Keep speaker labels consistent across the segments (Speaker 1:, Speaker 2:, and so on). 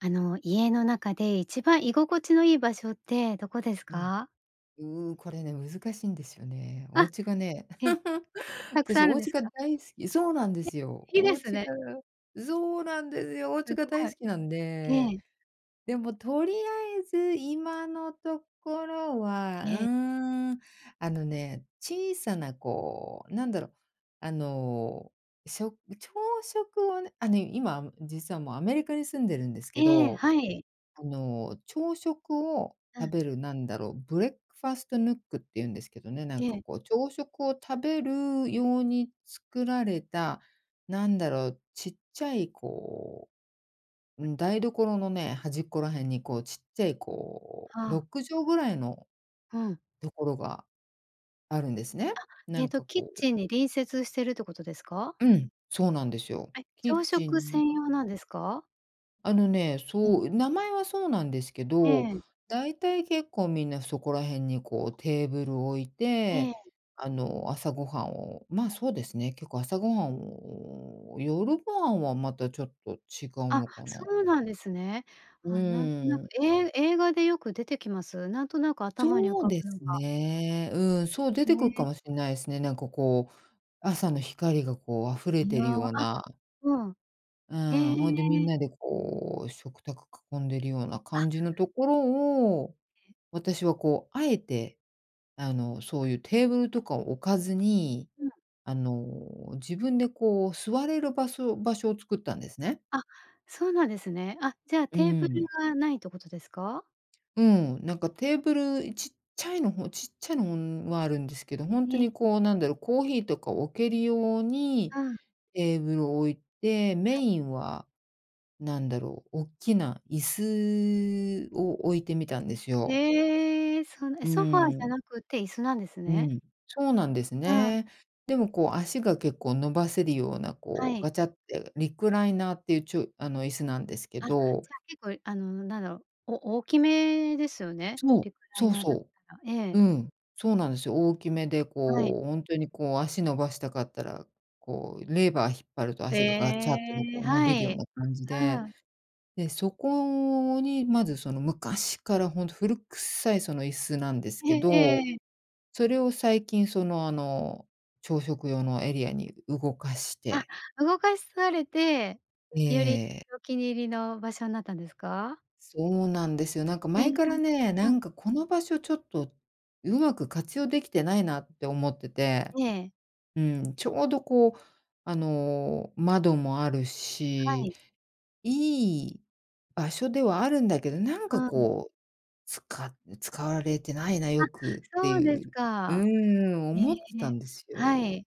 Speaker 1: あの、家の中で一番居心地のいい場所ってどこです
Speaker 2: ええ。
Speaker 1: か？
Speaker 2: う、これね難しいんですよね。お
Speaker 1: あ、
Speaker 2: 家がね。
Speaker 1: え、たくさん
Speaker 2: 私
Speaker 1: あ
Speaker 2: お
Speaker 1: るんで
Speaker 2: 家
Speaker 1: す
Speaker 2: が
Speaker 1: か？
Speaker 2: 大好きそうなんで
Speaker 1: え、
Speaker 2: すよ。
Speaker 1: いい
Speaker 2: お
Speaker 1: です
Speaker 2: 家
Speaker 1: ね。
Speaker 2: がそうなんですよ。お
Speaker 1: す
Speaker 2: 家が
Speaker 1: ご
Speaker 2: 大
Speaker 1: い。
Speaker 2: 好きなんで。
Speaker 1: ええ。
Speaker 2: でもとりあえず今のところは。う
Speaker 1: ええ。
Speaker 2: ーん。あのね、小さなこう、なんだろ。あの、しょ朝食はねあの今実はもうアメリカに住んでるんですけ
Speaker 1: ええ、
Speaker 2: ど、
Speaker 1: はい。
Speaker 2: あの、朝食を
Speaker 1: うん。
Speaker 2: 食べるなんだろう、ブレックファーストヌックって言うんですけどね。なん
Speaker 1: え
Speaker 2: か
Speaker 1: え。
Speaker 2: こう朝食を食べる用に作られた、なんだろう、ちっちゃいこう、うん、台所のね、端っこら辺にこうちっちゃいこう
Speaker 1: は
Speaker 2: ろ
Speaker 1: あ。
Speaker 2: くじょうぐらいの
Speaker 1: うん。
Speaker 2: ところがあるんですね。
Speaker 1: あ、
Speaker 2: な
Speaker 1: えっ
Speaker 2: ん
Speaker 1: と
Speaker 2: か
Speaker 1: キッ
Speaker 2: こう
Speaker 1: チンに隣接してるってことですか？
Speaker 2: うん、そうなんですよ。
Speaker 1: はい、
Speaker 2: キッ
Speaker 1: 朝
Speaker 2: チ
Speaker 1: 食
Speaker 2: ンに
Speaker 1: 専用なんですか？
Speaker 2: あのね、
Speaker 1: うん。
Speaker 2: そう、名前はそうなんですけ
Speaker 1: え
Speaker 2: ど、
Speaker 1: え。
Speaker 2: だいたい結構みんなそこら辺にこうテーブル置い
Speaker 1: え
Speaker 2: て、
Speaker 1: え。
Speaker 2: あの朝ごはんを、ま、そうですね、結構朝ごはんを、夜ごはんはまたちょっと違う
Speaker 1: あ、
Speaker 2: のか
Speaker 1: そ
Speaker 2: な。
Speaker 1: うなんですね。
Speaker 2: う
Speaker 1: あ、なんとな
Speaker 2: ー
Speaker 1: く。
Speaker 2: ん。
Speaker 1: え映画でよく出てきます？なんとなく頭に浮
Speaker 2: そう
Speaker 1: か
Speaker 2: で
Speaker 1: ぶのが
Speaker 2: すね。うん、そう出
Speaker 1: へ
Speaker 2: てくっか
Speaker 1: え。
Speaker 2: もしんないすね。なんかこう、朝の光がこう溢れ
Speaker 1: いや、
Speaker 2: てる
Speaker 1: あ、
Speaker 2: ような。
Speaker 1: うん。
Speaker 2: うん、
Speaker 1: え。
Speaker 2: ほいでみんなでこう食卓囲んでいるような
Speaker 1: あ。
Speaker 2: 感じのところを、私はこうあえて、あの、そういうテーブルとかを置かずに、
Speaker 1: うん。
Speaker 2: あの、自分でこう座れるばそ場所を作ったんですね。
Speaker 1: あ、そうなんですね。あ、じゃあ
Speaker 2: う
Speaker 1: テーブル
Speaker 2: ん。
Speaker 1: がないっとことですか？
Speaker 2: うん、なんかテーブル、い、ちっちゃいの方ちっちゃいの、ん、はあるんですけど、本当
Speaker 1: ええ。
Speaker 2: にこうなんだろう、コーヒーとか置けるように
Speaker 1: うん。
Speaker 2: テーブル置いて、メ
Speaker 1: はい。
Speaker 2: インは何だろう、大きな椅子を置いてみたんですよ。
Speaker 1: ええ、そのえ、
Speaker 2: う
Speaker 1: ソファーじ
Speaker 2: ー
Speaker 1: ゃ
Speaker 2: ん。
Speaker 1: なくて椅子なんです
Speaker 2: う
Speaker 1: ね？
Speaker 2: ん、そうなんです
Speaker 1: うーん。
Speaker 2: ね。でもこう足が結構伸ばせるような
Speaker 1: は
Speaker 2: こう
Speaker 1: い。
Speaker 2: ガチャってリクライナーっていうちょあの椅子なんですけ
Speaker 1: あ、じゃ
Speaker 2: ど。
Speaker 1: あ結構、あのなんだろう、お大きめですよね？
Speaker 2: そう、
Speaker 1: リクライ
Speaker 2: そう
Speaker 1: ナーだっ
Speaker 2: そ
Speaker 1: たら。え
Speaker 2: う。
Speaker 1: え。
Speaker 2: うん、そうなんですよ。大きめで
Speaker 1: はい。
Speaker 2: こう本当にこう足伸ばしたかったら、こうレバー引っ張ると
Speaker 1: へ
Speaker 2: 足がガチャってねこ
Speaker 1: え、
Speaker 2: う伸
Speaker 1: は
Speaker 2: びるよう
Speaker 1: い、
Speaker 2: な感じ
Speaker 1: う
Speaker 2: で、
Speaker 1: ん。
Speaker 2: でそこにまずその昔から本当古くさいその椅子なんです
Speaker 1: え
Speaker 2: けど、
Speaker 1: えええ。
Speaker 2: それを最近そのあの朝食用のエリアに動かし
Speaker 1: あ、
Speaker 2: て
Speaker 1: 動かされて、より
Speaker 2: ええ。
Speaker 1: お気に入りの場所んなったんですか？
Speaker 2: そうなんですよ。なんか
Speaker 1: へえ。
Speaker 2: 前からね、
Speaker 1: う
Speaker 2: な
Speaker 1: ん。
Speaker 2: んかこの場所ちょっとうまく活用できてないなって思ってて。
Speaker 1: ええ。
Speaker 2: うん、ちょうどこう、あの、窓もある
Speaker 1: は
Speaker 2: し、
Speaker 1: い。
Speaker 2: いい場所ではあるんだけど、なん
Speaker 1: う
Speaker 2: か
Speaker 1: ん。
Speaker 2: こう、つか使われてないな
Speaker 1: あ、
Speaker 2: よくって
Speaker 1: そう
Speaker 2: い
Speaker 1: です
Speaker 2: うう
Speaker 1: か。
Speaker 2: ーん、
Speaker 1: へえ、
Speaker 2: 思ってたんです
Speaker 1: は
Speaker 2: よ。
Speaker 1: い。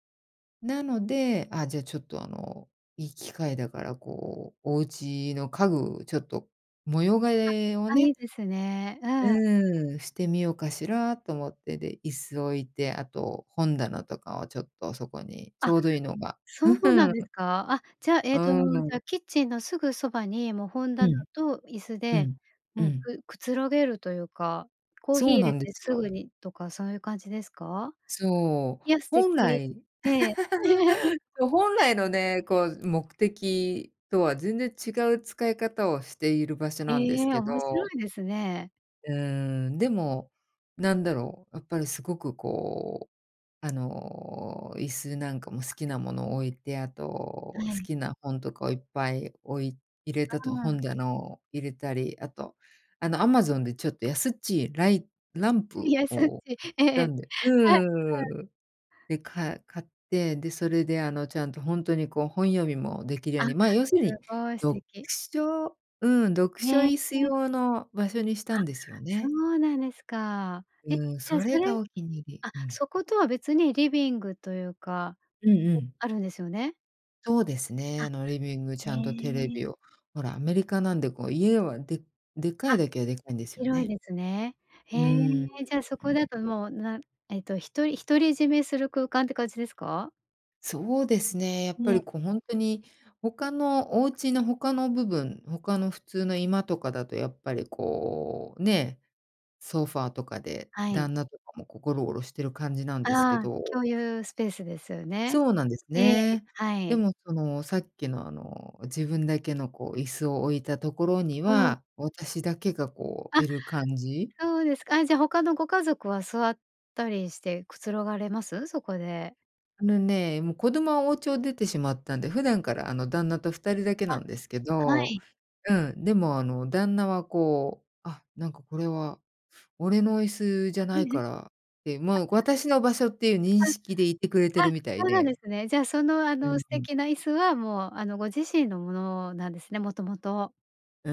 Speaker 2: なので、あ、じゃあちょっとあの、いい機会だからこう、お家の家具ちょっと模様
Speaker 1: あ、
Speaker 2: 替えを
Speaker 1: あ、い
Speaker 2: ね
Speaker 1: いですね。うん。
Speaker 2: うーん、してみようかしらと思って、で、椅子置いて、あと本棚とかをちょっとそこにち
Speaker 1: あ、
Speaker 2: ょうどいいのが。
Speaker 1: そうなんです か？あ、じゃ、え
Speaker 2: う
Speaker 1: っと
Speaker 2: ー
Speaker 1: じゃ
Speaker 2: ん。
Speaker 1: キッチンのすぐそばにもう本
Speaker 2: う
Speaker 1: 棚
Speaker 2: ん。
Speaker 1: と椅子
Speaker 2: う
Speaker 1: で
Speaker 2: ん、う
Speaker 1: もう、
Speaker 2: ん。
Speaker 1: くくつろげるというか、コーヒー
Speaker 2: そう
Speaker 1: 淹
Speaker 2: な
Speaker 1: れ
Speaker 2: んで
Speaker 1: て
Speaker 2: す
Speaker 1: すぐ
Speaker 2: よ。
Speaker 1: にとかそういう感じですか？
Speaker 2: そう、
Speaker 1: いや、素
Speaker 2: 本
Speaker 1: 敵。
Speaker 2: 来
Speaker 1: ええ。
Speaker 2: そ、本来のね、こう目的とは全然違う使い方をしている場所
Speaker 1: え
Speaker 2: なんです
Speaker 1: え、
Speaker 2: け
Speaker 1: 面白
Speaker 2: ど。
Speaker 1: いですね。
Speaker 2: うーん、でもなんだろう、やっぱりすごくこう、あの、椅子なんかも好きなもの置いて、あ
Speaker 1: は
Speaker 2: と好
Speaker 1: い。
Speaker 2: きな本とかをいっぱい置い入れたと
Speaker 1: う
Speaker 2: 本
Speaker 1: ん。
Speaker 2: だの入れたり、あとあの amazon でちょっと安っちいライランプ
Speaker 1: 安っ
Speaker 2: を
Speaker 1: ちい。
Speaker 2: 買っ
Speaker 1: え
Speaker 2: た
Speaker 1: え。
Speaker 2: んで
Speaker 1: はい、はい。
Speaker 2: うん。で、か買って、でそれであのちゃんとほんとにこう本読みもできるよう
Speaker 1: あ、す
Speaker 2: に、ま、要するに
Speaker 1: ごい、素
Speaker 2: 読
Speaker 1: 敵。
Speaker 2: 書、うん、読書
Speaker 1: へ
Speaker 2: 椅子
Speaker 1: え。
Speaker 2: 用の場所にした
Speaker 1: あ、
Speaker 2: んですよ
Speaker 1: そ
Speaker 2: ね。
Speaker 1: うなんですか。え、じ
Speaker 2: うん、
Speaker 1: ゃ、
Speaker 2: そ
Speaker 1: そ
Speaker 2: れ
Speaker 1: れ
Speaker 2: がお気に入り。
Speaker 1: あ、
Speaker 2: うん。
Speaker 1: そことは別にリビングというか、
Speaker 2: うんう
Speaker 1: お
Speaker 2: ん。
Speaker 1: あるんですよね。
Speaker 2: そうです
Speaker 1: あ。
Speaker 2: ね。あのリビングち
Speaker 1: へ
Speaker 2: ゃんとテレ
Speaker 1: え。
Speaker 2: ビを、ほら、アメリカなんでこう家は、ででか
Speaker 1: あ、
Speaker 2: いだけはでかいんですよ
Speaker 1: 広い
Speaker 2: ね。
Speaker 1: ですね。へ
Speaker 2: うー
Speaker 1: え。
Speaker 2: ん、んん。
Speaker 1: じゃあそこだともう、なえっとひとり独り占めする空間って感じですか？
Speaker 2: そうですね。やっぱり
Speaker 1: ね。
Speaker 2: こうほんとに、他のお家の他の部分、他の普通の居間とかだとやっぱりこう、ね、ソファーとかで
Speaker 1: はい。
Speaker 2: 旦那とかもこうゴロゴロしてる感じなんですけ
Speaker 1: ああ、
Speaker 2: ど。
Speaker 1: 共有スペースですよね。
Speaker 2: そうなんです
Speaker 1: ええ、
Speaker 2: ね。
Speaker 1: は
Speaker 2: で
Speaker 1: い。
Speaker 2: もその、さっきのあの、自分だけのこう椅子を置いたところに
Speaker 1: うん。
Speaker 2: は、私だけがこう、
Speaker 1: あ、
Speaker 2: 居る感じ。
Speaker 1: そうですか。あ、じゃあ他のご家族は座ったりしてくつろがれます？そこで。
Speaker 2: あのね、もう子供はお家を出てしまったんで、普段からあの旦那と二人だけ
Speaker 1: あ、
Speaker 2: なんですけ
Speaker 1: は
Speaker 2: ど。
Speaker 1: い。
Speaker 2: うん。でもあの、旦那はこう「あ、なんかこれは俺の椅子じゃないか
Speaker 1: あ。
Speaker 2: ら」って、もう私の場所っていう認
Speaker 1: あ。
Speaker 2: 識でいてくれてる
Speaker 1: あ、
Speaker 2: みたい
Speaker 1: そうなんで
Speaker 2: で。
Speaker 1: すね。じゃあその、あ
Speaker 2: う
Speaker 1: の、
Speaker 2: ん
Speaker 1: 素
Speaker 2: うん。
Speaker 1: 敵な椅子は、もうあの、ご自身のものなんですね、もともと。
Speaker 2: う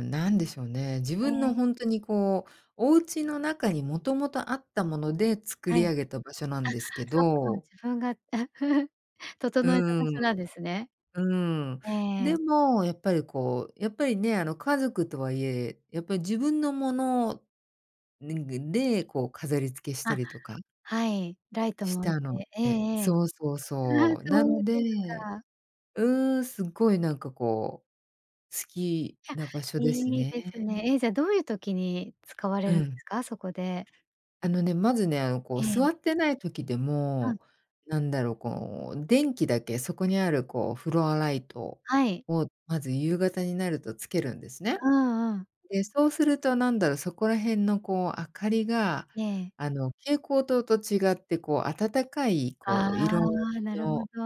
Speaker 2: ん、何でしょうね。自
Speaker 1: へ
Speaker 2: 分
Speaker 1: え。
Speaker 2: のほんとにこう、お家の中に元々あったもので、作
Speaker 1: は
Speaker 2: り
Speaker 1: い。あ、
Speaker 2: 上げた場所なんですけ
Speaker 1: そっか。
Speaker 2: ど。
Speaker 1: 自分が
Speaker 2: う
Speaker 1: 整えた場所な
Speaker 2: ん。
Speaker 1: んですね。
Speaker 2: うん。
Speaker 1: え
Speaker 2: で
Speaker 1: え。
Speaker 2: も、やっぱりこう、やっぱりね、あの家族とはいえ、やっぱり自分のものでででこう飾り付けした
Speaker 1: あ、
Speaker 2: りとか
Speaker 1: はい。ライト
Speaker 2: し
Speaker 1: も置い
Speaker 2: たの
Speaker 1: て。ええ
Speaker 2: で
Speaker 1: ええ。
Speaker 2: そうそう
Speaker 1: ああ、
Speaker 2: そう。
Speaker 1: そ
Speaker 2: な
Speaker 1: う
Speaker 2: の
Speaker 1: です
Speaker 2: で、
Speaker 1: か。
Speaker 2: うん、すっごいなんかこう、好き
Speaker 1: いや、
Speaker 2: な場所です
Speaker 1: いいで
Speaker 2: ね。
Speaker 1: すね。え、じゃあ、どういう時に使われ
Speaker 2: う
Speaker 1: るんで
Speaker 2: ん。
Speaker 1: すか？そこで。
Speaker 2: あのね、まずね、あの、こ
Speaker 1: え
Speaker 2: う座
Speaker 1: え。
Speaker 2: ってない時で
Speaker 1: うん。
Speaker 2: も、何だろ、こう電気だけ、そこにある、こうフロアライト
Speaker 1: はい。
Speaker 2: を、まず夕方になると点けるんですね。
Speaker 1: うんうん。
Speaker 2: で、そうすると何だろ、そこら辺の、こう明かりが、
Speaker 1: ええ。
Speaker 2: あの蛍光灯と違って、こう暖かい
Speaker 1: あ
Speaker 2: こう色
Speaker 1: あ、な
Speaker 2: 味
Speaker 1: るほ
Speaker 2: の
Speaker 1: ど。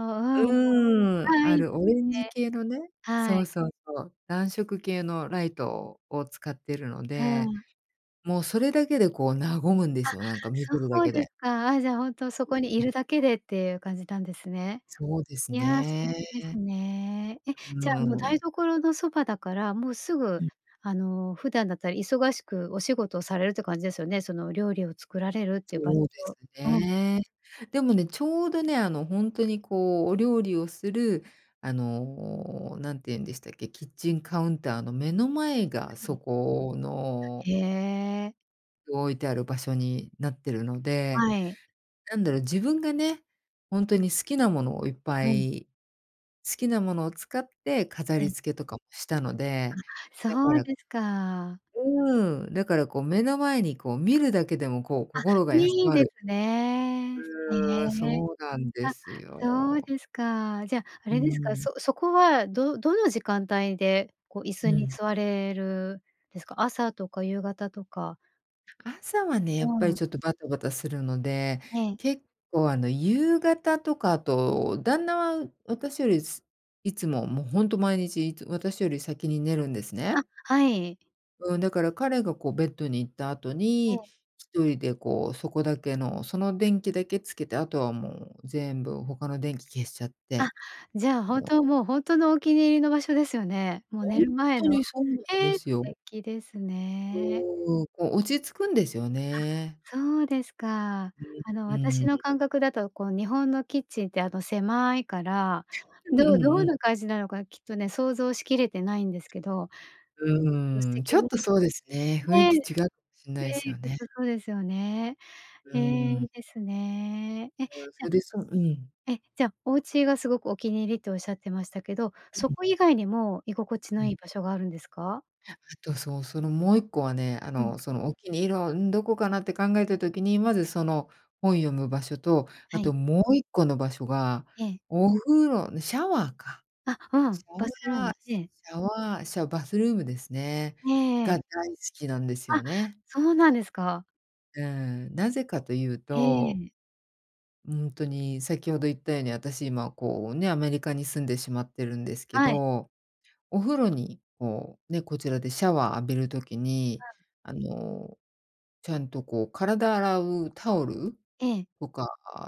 Speaker 1: うん。
Speaker 2: うん。
Speaker 1: あ、い
Speaker 2: あ
Speaker 1: いで
Speaker 2: る
Speaker 1: す
Speaker 2: オレンジ
Speaker 1: ね。
Speaker 2: 系のね
Speaker 1: は
Speaker 2: そ
Speaker 1: い。
Speaker 2: うそうそう。暖色系のライトを使ってるの
Speaker 1: う
Speaker 2: で、
Speaker 1: ん。
Speaker 2: もうそれだけでこう和むんで
Speaker 1: あ、
Speaker 2: すよ。なんか見てるだ
Speaker 1: そう
Speaker 2: け
Speaker 1: です
Speaker 2: で。
Speaker 1: か？あ、じゃあほんとそ
Speaker 2: う
Speaker 1: こに居
Speaker 2: ん。
Speaker 1: るだけでっていう感じなんですね。
Speaker 2: そうです
Speaker 1: いや、素敵です
Speaker 2: ね。
Speaker 1: ね。え、
Speaker 2: う
Speaker 1: じゃあ、もう
Speaker 2: ー
Speaker 1: 台
Speaker 2: ん。
Speaker 1: 所のそばだから、もうすぐ、
Speaker 2: うん。
Speaker 1: あの、普段だったら忙しくお仕事をされるって感じですよね。その料理を作られるって場所。
Speaker 2: そうです
Speaker 1: うん。
Speaker 2: ね。でもね、ちょうどね、あのほんとに、こうお料理をする、あの、何て言うんでしたっけ？キッチンカウンターの目の前
Speaker 1: は
Speaker 2: が、
Speaker 1: い。
Speaker 2: そこの...
Speaker 1: へえ。
Speaker 2: 置いてある場所になってるので、
Speaker 1: はい。
Speaker 2: なんだろう、自分がね、ほんとに好きなものをいっぱ
Speaker 1: うん。
Speaker 2: い、好きなものを使って飾
Speaker 1: ええ。
Speaker 2: り付けとかもしたの
Speaker 1: あ、
Speaker 2: で、だか
Speaker 1: そう
Speaker 2: ら
Speaker 1: ですか。
Speaker 2: うーん。だから、こう、目の前に、こう、見るだけでも、こう、
Speaker 1: あ、
Speaker 2: 心が休
Speaker 1: いい
Speaker 2: ま
Speaker 1: で
Speaker 2: る
Speaker 1: すね。へ
Speaker 2: うーん、
Speaker 1: え、
Speaker 2: そうなんで
Speaker 1: あ、
Speaker 2: す
Speaker 1: そう
Speaker 2: よ。
Speaker 1: ですか、じゃ、あ
Speaker 2: う
Speaker 1: れですか、
Speaker 2: ーん。
Speaker 1: そそこは、どどの時間帯で、こう、椅子
Speaker 2: う
Speaker 1: に
Speaker 2: ん。
Speaker 1: 座れるですか。朝とか夕方とか。
Speaker 2: 朝はね、
Speaker 1: う
Speaker 2: やっぱり
Speaker 1: ん。
Speaker 2: ちょっとバタバタするので、
Speaker 1: ええ。
Speaker 2: 結構、あの、夕方とか、あと、旦那は私より、いつも、も、ほんと毎日いつ私より先に寝るんです
Speaker 1: あ、
Speaker 2: ね。
Speaker 1: はい。
Speaker 2: うん、だから彼が、こう、ベッドに行った後
Speaker 1: え
Speaker 2: に、
Speaker 1: え。
Speaker 2: 1人で、こう、そこだけの、その電気だけつけて、後はもう全部他の電気消しちゃっ
Speaker 1: あ、
Speaker 2: て。
Speaker 1: じゃあ
Speaker 2: あ
Speaker 1: 本
Speaker 2: の
Speaker 1: 当、もう、ほんとのお気に入りの場所ですよね。も、
Speaker 2: ほ
Speaker 1: 寝
Speaker 2: んっ
Speaker 1: る前
Speaker 2: と
Speaker 1: の。
Speaker 2: にそうなんで
Speaker 1: え、素
Speaker 2: すよ。
Speaker 1: 敵ですね。
Speaker 2: うーん。こう、落ち着くんですよね。
Speaker 1: あ、そうですか。あの、
Speaker 2: うん、う
Speaker 1: 私
Speaker 2: ー
Speaker 1: の
Speaker 2: ん。
Speaker 1: 感覚だと、こう、日本のキッチンって、あの、狭いから、
Speaker 2: うんう
Speaker 1: ど
Speaker 2: ん
Speaker 1: ど
Speaker 2: う
Speaker 1: ん
Speaker 2: ん。
Speaker 1: な感じなのか、きっとね、想像しきれてないんですけど [unintelligible] 素
Speaker 2: うーん、ち
Speaker 1: 敵
Speaker 2: ょっ
Speaker 1: な
Speaker 2: と
Speaker 1: 場
Speaker 2: そうですね。雰
Speaker 1: 所、
Speaker 2: 囲
Speaker 1: ね、
Speaker 2: 気違う
Speaker 1: ね、
Speaker 2: かもしんないすよ
Speaker 1: きっ
Speaker 2: ね。
Speaker 1: とそうですよね。
Speaker 2: う
Speaker 1: ええ、
Speaker 2: ー
Speaker 1: い
Speaker 2: ん。
Speaker 1: いですね。え、じ
Speaker 2: [unintelligible] うん。
Speaker 1: ゃえ、じゃ、お家がすごくお気に入りとおっしゃってましたけど、
Speaker 2: う
Speaker 1: そ
Speaker 2: ん。
Speaker 1: こ以外にも居心地
Speaker 2: う
Speaker 1: の
Speaker 2: ん。
Speaker 1: いい場所があるんですか？
Speaker 2: あ、あとそう、その、もう1個はね、あ
Speaker 1: うん。
Speaker 2: の、その、お気に入りは、ん、どこかなって考えた時に、まず、その、本読む場所と、あ
Speaker 1: はい。
Speaker 2: と、もう1個の場所が、
Speaker 1: ええ。
Speaker 2: お風呂シャワーか、
Speaker 1: あ、う
Speaker 2: シ
Speaker 1: ん。バスル
Speaker 2: ャ
Speaker 1: ーム。
Speaker 2: ワー、
Speaker 1: ええ。
Speaker 2: シャワー、シャバスルームですね。
Speaker 1: えええ
Speaker 2: が
Speaker 1: え。
Speaker 2: 大好きなんです
Speaker 1: あ、
Speaker 2: よね。
Speaker 1: そうなんですか。
Speaker 2: うん。なぜかと言う
Speaker 1: え
Speaker 2: と
Speaker 1: え。
Speaker 2: うーんとに、先ほど言ったように、私今こうね、アメリカに住んでしまってるんですけ
Speaker 1: はい。
Speaker 2: ど。お風呂に、こうね、こちらでシャワー浴びる時
Speaker 1: う
Speaker 2: に、
Speaker 1: ん。
Speaker 2: あの、ちゃんとこう体洗うタオル
Speaker 1: ええ。
Speaker 2: とか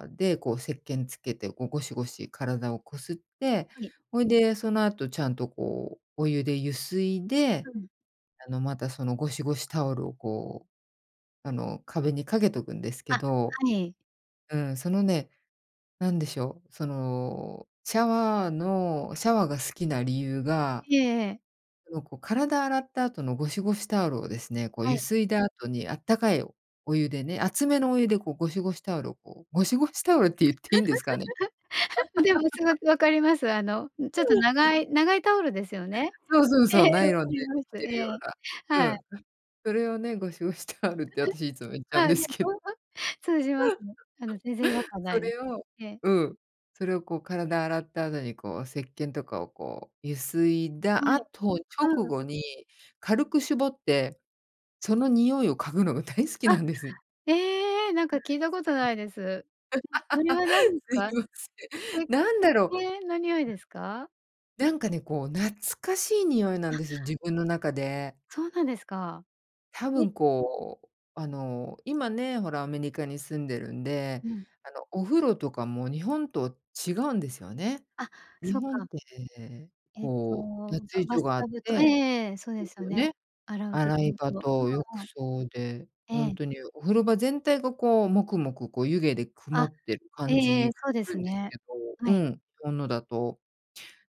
Speaker 2: で、こう石鹸つけて、こうゴシゴシ体をこすって、
Speaker 1: はい。
Speaker 2: ほいで、その後ちゃんとこう、お湯でゆすいで、
Speaker 1: うん。
Speaker 2: あのまた、そのゴシゴシタオルをこう、あの壁にかけとくんですけ
Speaker 1: あ、
Speaker 2: ど。
Speaker 1: はい。
Speaker 2: うん、そのね、何でしょう。そのシャワーのシャワーが好きな理由が、
Speaker 1: いえ、ええ。
Speaker 2: あの、こう体洗った後のゴシゴシタオルをですね、こう
Speaker 1: は
Speaker 2: ゆ
Speaker 1: い。
Speaker 2: すいだ後に、あったかいお湯でね、熱めのお湯でこう、ゴシゴシタオルをこうゴシゴシタオルって言っていいんですかね？
Speaker 1: でもすご く分かります。あの、ん、ちょっと 長い長いタオルですよね？
Speaker 2: そうそう
Speaker 1: ええ、
Speaker 2: そう、ナ
Speaker 1: 分
Speaker 2: イ
Speaker 1: か
Speaker 2: ロンで
Speaker 1: り
Speaker 2: 出
Speaker 1: ます。
Speaker 2: 来てる
Speaker 1: え
Speaker 2: よ
Speaker 1: え、
Speaker 2: うなう
Speaker 1: はい。
Speaker 2: ん、それをね、ゴシゴシタオルって私いつも 言っちゃうん
Speaker 1: あ、
Speaker 2: で
Speaker 1: で
Speaker 2: すけど。
Speaker 1: も、ま、通じますね。あの、全然違和 感無
Speaker 2: そ
Speaker 1: いです。
Speaker 2: れを
Speaker 1: ええ。
Speaker 2: うん。それをこう、体洗った後にこう、石鹸とかをこう、ゆすいだ
Speaker 1: はい、
Speaker 2: 後直
Speaker 1: うん。
Speaker 2: 後に、軽く絞って、その匂いを嗅ぐのが大好き
Speaker 1: あ、
Speaker 2: なんです。
Speaker 1: ええ、なん か聞いたこと無いです。それは 何す
Speaker 2: すい
Speaker 1: か？
Speaker 2: ませ
Speaker 1: せ
Speaker 2: ん。なん
Speaker 1: せっ
Speaker 2: だろう。
Speaker 1: けんの匂いですか？
Speaker 2: なんかね、こう懐かしい匂いなん
Speaker 1: あ。
Speaker 2: です、自分の中で。
Speaker 1: そうなんですか。
Speaker 2: 多
Speaker 1: え
Speaker 2: 分こう、あの、今ね、ほらアメリカに住んでるんで、
Speaker 1: うん。
Speaker 2: あの、お風呂とかも日本と違うんですよね。
Speaker 1: あ、そ
Speaker 2: 日
Speaker 1: っ
Speaker 2: 本っ
Speaker 1: か。
Speaker 2: て、
Speaker 1: えっと、
Speaker 2: こう脱
Speaker 1: ば
Speaker 2: 衣
Speaker 1: バ
Speaker 2: 所
Speaker 1: ス
Speaker 2: があっ
Speaker 1: タブとええ
Speaker 2: て
Speaker 1: ええ、そうで
Speaker 2: で
Speaker 1: す
Speaker 2: す
Speaker 1: よ
Speaker 2: よ
Speaker 1: ね。
Speaker 2: ね、
Speaker 1: 洗うとこ
Speaker 2: 洗い
Speaker 1: ろ
Speaker 2: 場
Speaker 1: と
Speaker 2: と浴
Speaker 1: うん、うん。
Speaker 2: 槽で、
Speaker 1: え
Speaker 2: ほん
Speaker 1: え。
Speaker 2: とにお風呂場全体がこう、モクモクこう、湯気で曇
Speaker 1: あ、
Speaker 2: ってる
Speaker 1: え
Speaker 2: 感
Speaker 1: ええ
Speaker 2: じ
Speaker 1: え、
Speaker 2: が
Speaker 1: そうで
Speaker 2: する
Speaker 1: す
Speaker 2: んです
Speaker 1: ね。
Speaker 2: けど
Speaker 1: は
Speaker 2: う
Speaker 1: い。
Speaker 2: ん、日本のだと。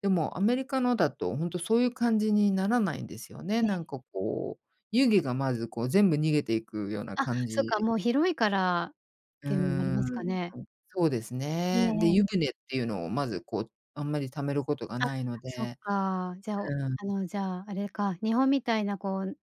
Speaker 2: でも、アメリカのだと、ほんとそういう感じにならないんですよね。
Speaker 1: ええ。
Speaker 2: なんかこう、湯気がまずこう、全部逃げていくような
Speaker 1: あ、
Speaker 2: 感
Speaker 1: そっか、
Speaker 2: じ。
Speaker 1: もう広いからっ
Speaker 2: うー
Speaker 1: ていうのもあります
Speaker 2: ん、
Speaker 1: かね。
Speaker 2: はい、そうです
Speaker 1: ええ
Speaker 2: ね。で、
Speaker 1: ええ。
Speaker 2: 湯船っていうのをまずこう、あんまり溜めることが
Speaker 1: あ、
Speaker 2: ないの
Speaker 1: そっ
Speaker 2: で
Speaker 1: か。じゃ、お
Speaker 2: うん。
Speaker 1: あの、じゃあ、あれか、日本みたいなこう、んん、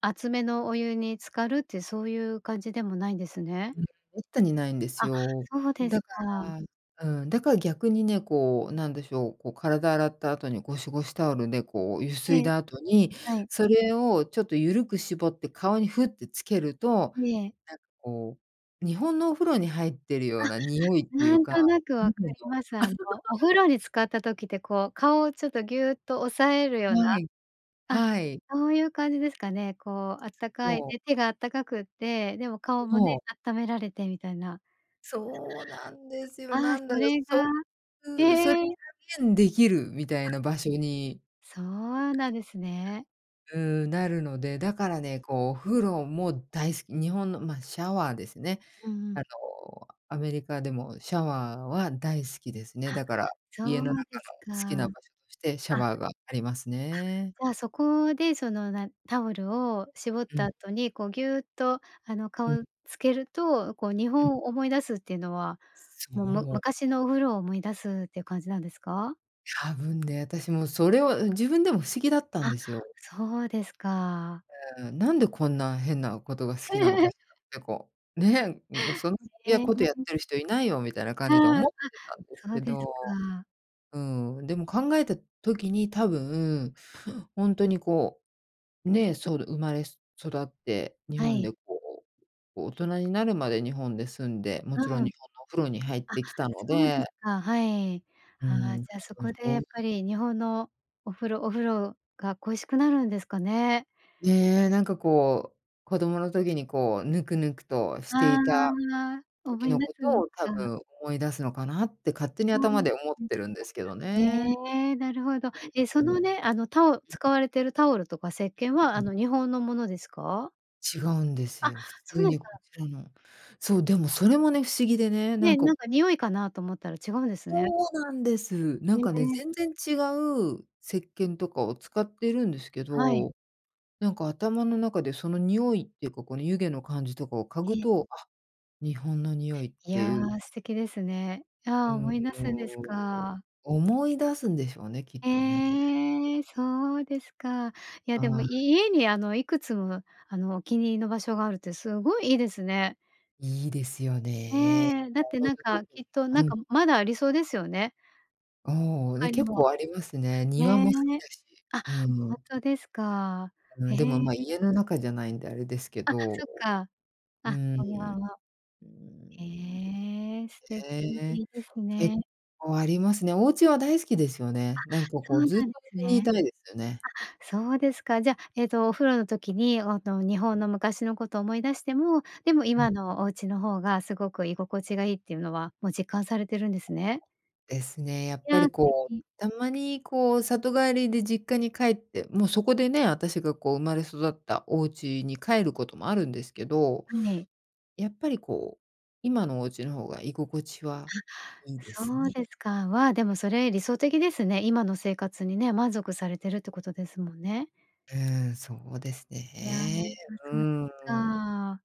Speaker 1: 熱めのお湯に浸かるってそういう感じでもないんですね。
Speaker 2: うん、滅多にないんです
Speaker 1: あ、
Speaker 2: よ。
Speaker 1: そうで
Speaker 2: だ
Speaker 1: す
Speaker 2: か
Speaker 1: か。
Speaker 2: らうん。だから逆にね、こうなんでしょう、こう体洗った後にゴシゴシタオルでこうゆす
Speaker 1: え
Speaker 2: い
Speaker 1: え。
Speaker 2: だ後に、
Speaker 1: はい。
Speaker 2: それをちょっとゆるく絞って顔にふってつけると、
Speaker 1: ええ。
Speaker 2: なんかこう、日本のお風呂に入ってる
Speaker 1: あ、
Speaker 2: ような匂いってい
Speaker 1: な
Speaker 2: う
Speaker 1: ん
Speaker 2: か。
Speaker 1: となく
Speaker 2: [unintelligible]
Speaker 1: 分かります。あの、お 風呂に浸かった時ってこう、顔をちょっとぎゅうっと押さえるような
Speaker 2: はい、
Speaker 1: あ、
Speaker 2: はい。
Speaker 1: そういう感じですかね。こうあったかい
Speaker 2: そう。
Speaker 1: ね、手があったかくって、でも顔もね、
Speaker 2: そう。
Speaker 1: 温められてみたいな。
Speaker 2: そうなんですよ。
Speaker 1: ああ、
Speaker 2: なんだ
Speaker 1: そ
Speaker 2: ろ、
Speaker 1: れ
Speaker 2: そ
Speaker 1: がへ
Speaker 2: うそれ
Speaker 1: え。
Speaker 2: 再現出来るみた
Speaker 1: あ。
Speaker 2: いな場所に
Speaker 1: そうなんですね。
Speaker 2: う、なるので、だからね、こう風呂も大好き。日本の、ま、シャワーですね。
Speaker 1: うんうん。
Speaker 2: あの、アメリカでも、シャワーは大好きですね。
Speaker 1: あ、
Speaker 2: だから、
Speaker 1: そ
Speaker 2: 家の中
Speaker 1: うです
Speaker 2: の好きな
Speaker 1: か。
Speaker 2: 場所としてシャ
Speaker 1: あ。
Speaker 2: ワーがありますね。
Speaker 1: あ、じゃあそこで、そのなタオルを絞っ
Speaker 2: うん。
Speaker 1: た後に、こうぎゅっと、あの、
Speaker 2: うん。
Speaker 1: 顔をつけると、こう日
Speaker 2: うん。
Speaker 1: 本を思い出すっていうのは、
Speaker 2: そ
Speaker 1: もうむ
Speaker 2: う。
Speaker 1: 昔のお風呂を思い出すっていう感じなんですか？
Speaker 2: 多分ね、私もそれは、うん、自分でも不思議だったん
Speaker 1: あ、
Speaker 2: ですよ。
Speaker 1: そうですか。
Speaker 2: うん。なんでこんな変なことが好きなのか しらってこう、ね、うん。そんや
Speaker 1: へ
Speaker 2: ことやっ
Speaker 1: え。
Speaker 2: てる人居ないよ、みたいな感じで
Speaker 1: あう、あ、
Speaker 2: 思ってたんです
Speaker 1: そう
Speaker 2: け
Speaker 1: です
Speaker 2: ど、
Speaker 1: か。
Speaker 2: うん。でも考えた時に多分、ほんとにこう、ね、そる生まれ育って、日
Speaker 1: は
Speaker 2: 本
Speaker 1: い。
Speaker 2: でこう、こう大人になるまで日本で住んで、もちろ
Speaker 1: う
Speaker 2: ん
Speaker 1: ん。
Speaker 2: 日本のお風呂に入っ
Speaker 1: あ、
Speaker 2: てきたの
Speaker 1: そうです
Speaker 2: で。
Speaker 1: か。はい。
Speaker 2: う
Speaker 1: ああ、じ
Speaker 2: ん、多
Speaker 1: ゃあそ
Speaker 2: 分
Speaker 1: こで
Speaker 2: そ
Speaker 1: や
Speaker 2: う
Speaker 1: っ
Speaker 2: い
Speaker 1: ぱ
Speaker 2: う
Speaker 1: り日本のお風呂お風呂が恋しくなるんですかね。
Speaker 2: ね、なんかこう、子供の時にこう、ぬくぬくとして
Speaker 1: ああ、
Speaker 2: いた
Speaker 1: 思
Speaker 2: 時
Speaker 1: い
Speaker 2: の
Speaker 1: 出
Speaker 2: こ
Speaker 1: すん
Speaker 2: と
Speaker 1: です
Speaker 2: を多
Speaker 1: か。
Speaker 2: 分思い出すのかなって勝手に
Speaker 1: そう
Speaker 2: 頭
Speaker 1: で
Speaker 2: で思っ
Speaker 1: す
Speaker 2: て
Speaker 1: か。
Speaker 2: るんですけどね。
Speaker 1: ええ、なるほど。え、
Speaker 2: う
Speaker 1: そ
Speaker 2: んうん。う
Speaker 1: の
Speaker 2: ん。
Speaker 1: ね、あのタオ使われてるタオルとか石鹸は、
Speaker 2: うう
Speaker 1: あ
Speaker 2: ん。
Speaker 1: の、日本のものですか？
Speaker 2: 違うんです
Speaker 1: あ、
Speaker 2: よ。普
Speaker 1: そう
Speaker 2: 通
Speaker 1: で
Speaker 2: に
Speaker 1: す
Speaker 2: こ
Speaker 1: か。
Speaker 2: ちらのそう、でもそれもね、不思議でね、な
Speaker 1: ね、
Speaker 2: んか
Speaker 1: なん
Speaker 2: こ
Speaker 1: か
Speaker 2: う
Speaker 1: 匂いかなと思ったら違うんですね。
Speaker 2: そうなんです。な
Speaker 1: へ
Speaker 2: んかね、
Speaker 1: え。
Speaker 2: 全然違う石鹸とかを使ってるんですけ
Speaker 1: はい。
Speaker 2: ど、なんか頭の中でその匂いっていうか、この湯気の感じとかを嗅
Speaker 1: え
Speaker 2: ぐ
Speaker 1: え。
Speaker 2: と、あ、日本の匂いっ
Speaker 1: い
Speaker 2: て
Speaker 1: や、
Speaker 2: いう
Speaker 1: 素敵ですね。
Speaker 2: う
Speaker 1: ああ、
Speaker 2: ーん、
Speaker 1: 思い出すんです
Speaker 2: よう、
Speaker 1: か。
Speaker 2: お、思い出すんでしょうね、きっとね。
Speaker 1: へえ。そうですか。いやでも、
Speaker 2: ああ。
Speaker 1: 家にあの、いくつも、あの、お気に入りの場所があるってすごいいいですね。
Speaker 2: いいですよね。
Speaker 1: ええ、だっ
Speaker 2: もう
Speaker 1: て
Speaker 2: ほん
Speaker 1: な
Speaker 2: と
Speaker 1: んか、
Speaker 2: 特
Speaker 1: き
Speaker 2: に
Speaker 1: っとなん
Speaker 2: うん。
Speaker 1: か、まだありそうですよね。
Speaker 2: ああ、で、
Speaker 1: 他に
Speaker 2: 結
Speaker 1: も。
Speaker 2: 構ありますね。庭
Speaker 1: ね。
Speaker 2: も好きだし
Speaker 1: あ、
Speaker 2: う
Speaker 1: ほん
Speaker 2: ん。
Speaker 1: とですか。
Speaker 2: う
Speaker 1: へ
Speaker 2: ん、でも、ま、
Speaker 1: え。
Speaker 2: 家の中じゃないんであれですけ
Speaker 1: あ、
Speaker 2: ど。
Speaker 1: そっか。
Speaker 2: う
Speaker 1: あ、
Speaker 2: ん、
Speaker 1: お庭は へえ、素敵で
Speaker 2: ね。
Speaker 1: いいです
Speaker 2: 結
Speaker 1: ね。
Speaker 2: 構ありますね。お家は大好きですよ
Speaker 1: あ、
Speaker 2: ね。なんか
Speaker 1: そ
Speaker 2: こ
Speaker 1: う
Speaker 2: う、
Speaker 1: な
Speaker 2: ずっと
Speaker 1: んです
Speaker 2: 家にい
Speaker 1: ね。
Speaker 2: たいですよね。
Speaker 1: あ、そうですか。じゃ、ええと、お風呂の時に、おの、日本の昔のことを思い出しても、でも
Speaker 2: うん。
Speaker 1: 今のお家の方がすごく居心地がいいっていうのは、もう実感されてるんですね。
Speaker 2: ですね。やっ
Speaker 1: い
Speaker 2: ぱ
Speaker 1: や、
Speaker 2: り
Speaker 1: 素
Speaker 2: こ
Speaker 1: 敵。
Speaker 2: う、たまにこう里帰りで実家に帰って、もうそこでね、私がこう生まれ育ったお家に帰ることもあるんですけど、
Speaker 1: はい。
Speaker 2: やっぱりこう、今のお家の方が居心地はいい
Speaker 1: あ、
Speaker 2: です
Speaker 1: そう
Speaker 2: ね。
Speaker 1: ですか。まあ、でもそれ理想的ですね。今の生活にね、満足されてるってことですもんね。
Speaker 2: うん。そうです
Speaker 1: いや、あ、
Speaker 2: ね。う
Speaker 1: そうですか。
Speaker 2: ん。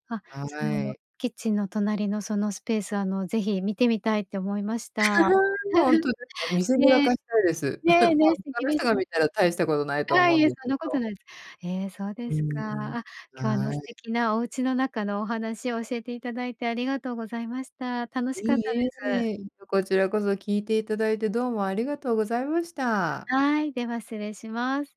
Speaker 1: あ、そ
Speaker 2: は
Speaker 1: の
Speaker 2: い。
Speaker 1: キッチンの隣のそのスペース、あの、ぜひ見てみたいって思いました。
Speaker 2: ほん とですよ。見せびら
Speaker 1: ね。
Speaker 2: かしたいです。
Speaker 1: ね、
Speaker 2: まあ、
Speaker 1: ね、素
Speaker 2: 他
Speaker 1: 敵
Speaker 2: の
Speaker 1: で
Speaker 2: 人
Speaker 1: す
Speaker 2: が
Speaker 1: ね。
Speaker 2: 見たら大したことないと
Speaker 1: ああ、
Speaker 2: 思う
Speaker 1: い
Speaker 2: ん
Speaker 1: え、
Speaker 2: です
Speaker 1: そんな
Speaker 2: け
Speaker 1: こと
Speaker 2: ど。
Speaker 1: ないです。ええ、そうで
Speaker 2: う
Speaker 1: す
Speaker 2: ん、うん。
Speaker 1: か。あ、今日あの、
Speaker 2: は
Speaker 1: 素
Speaker 2: い。
Speaker 1: 敵なお家の中のお話を教えていただいて、ありがとうございました。楽し
Speaker 2: い
Speaker 1: かったで
Speaker 2: い
Speaker 1: す。
Speaker 2: え。うんとこちらこそ聞いていただいて、どうもありがとうございました。
Speaker 1: はい、では失礼します。